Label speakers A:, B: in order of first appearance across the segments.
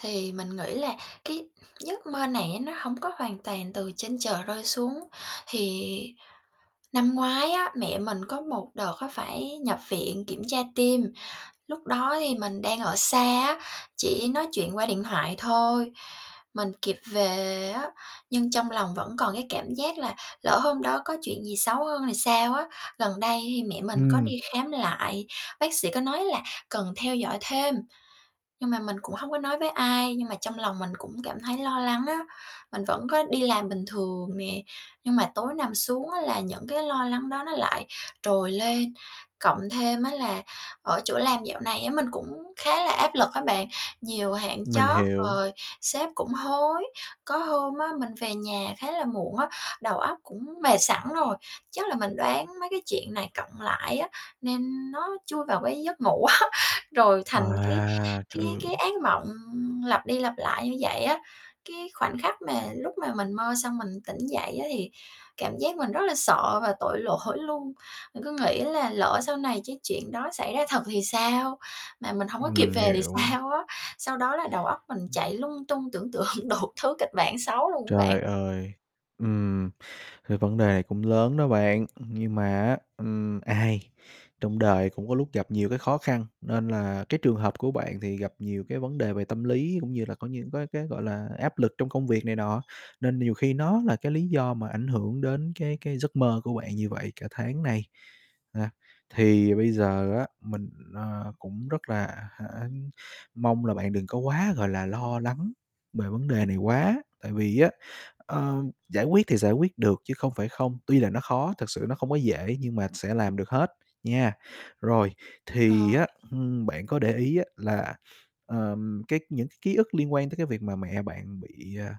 A: Thì mình nghĩ là cái giấc mơ này á, nó hổng có hoàn toàn từ trên trời rơi xuống. Thì năm ngoái á, mẹ mình có một đợt á phải nhập viện kiểm tra tim, lúc đó thì mình đang ở xa á, chỉ nói chuyện qua điện thoại thôi, mình kịp về á, nhưng trong lòng vẫn còn cái cảm giác là "Lỡ hôm đó có chuyện gì xấu hơn thì sao?" á. Gần đây thì mẹ mình có
B: Ừm.
A: đi khám lại, bác sĩ có nói là cần theo dõi thêm. Nhưng mà mình cũng hông có nói với ai, nhưng mà trong lòng mình cũng cảm thấy lo lắng á. Mình vẫn có đi làm bình thường nè, nhưng mà tối nằm xuống á là những cái lo lắng đó nó lại trồi lên. Cộng thêm á là ở chỗ làm dạo này á, mình cũng khá là áp lực á bạn, nhiều hạn
B: Mình
A: chót
B: hiểu.
A: rồi sếp cũng hối. Có hôm á mình về nhà khá là muộn á, đầu óc cũng mệt sẵn rồi, chắc là mình đoán mấy cái chuyện này cộng lại á, nên nó chui vào cái giấc ngủ á, rồi thành cái
B: À,
A: cái
B: trời ơi!
A: cái ác mộng lặp đi lặp lại như vậy á. Cái khoảnh khắc mà lúc mà mình mơ xong mình tỉnh dậy á, thì cảm giác mình rất là sợ và tội lỗi luôn, mình cứ nghĩ là "Lỡ sau này chắc chuyện đó xảy ra thật thì sao? Mà mình hông có
B: Ừm,
A: kịp
B: mình
A: về thì
B: hiểu.
A: sao?" á. Sau đó là đầu óc mình
B: Ừm.
A: chạy lung tung, tưởng tượng đủ thứ kịch bản xấu luôn á bạn.
B: Trời ơi! Ừm, cái vấn đề cũng lớn đó bạn. Ừm, nhưng mà á, ừm, ai trong đời cũng có lúc gặp nhiều cái khó khăn, nên là cái trường hợp của bạn thì gặp nhiều cái vấn đề về tâm lý cũng như là có những cái cái, gọi là, áp lực trong công việc này nọ, nên nhiều khi nó là cái lý do mà ảnh hưởng đến cái cái giấc mơ của bạn như vậy cả tháng nay, ha. Thì bây giờ á mình, ờ, cũng rất là hả mong là bạn đừng có quá, gọi là, lo lắng bề vấn đề này quá, tại vì á, ơ, giải quyết thì giải quyết được chứ không phải không. Tuy là nó khó, thật sự nó không có dễ nhưng mà sẽ làm được hết, nha. Rồi, thì
A: Ờ.
B: á, ưm, bạn có để ý á là, ờm, cái những cái ký ức liên quan tới cái việc mà mẹ bạn bị, à,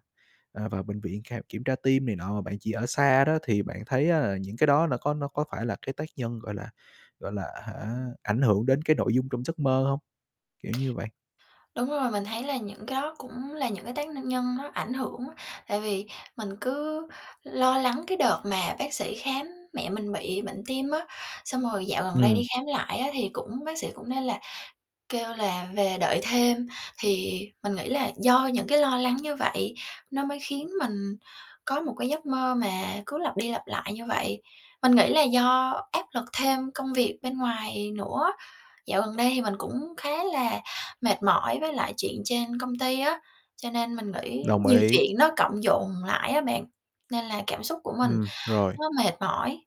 B: à, vào bệnh viện khám kiểm tra tim này nọ mà bạn chỉ ở xa đó, thì bạn thấy á là những cái đó nó có nó có phải là cái tác nhân, gọi là gọi là, hả, ảnh hưởng đến cái nội dung trong giấc mơ hông? Kiểu như vậy.
A: Đúng rồi, mình thấy là những cái đó cũng là những cái tác n nhân nó ảnh hưởng á. Tại vì mình cứ lo lắng cái đợt mà bác sĩ khám mẹ mình bị bệnh tim á. Xong rồi dạo gần đây
B: Ừm.
A: đi khám lại á thì cũng bác sĩ cũng nêu là kêu là "về đợi thêm". Thì mình nghĩ là do những cái lo lắng như vậy, nó mới khiến mình có một cái giấc mơ mà cứ lặp đi lặp lại như vậy. Mình nghĩ là do áp lực thêm công việc bên ngoài nữa. Dạo gần đây thì mình cũng khá là mệt mỏi với lại chuyện trên công ty á, cho nên mình nghĩ
B: Đồng
A: nhiều
B: ý.
A: chuyện nó cộng dồn lại á bạn, nên là cảm xúc của mình
B: Ừm, rồi.
A: nó mệt mỏi.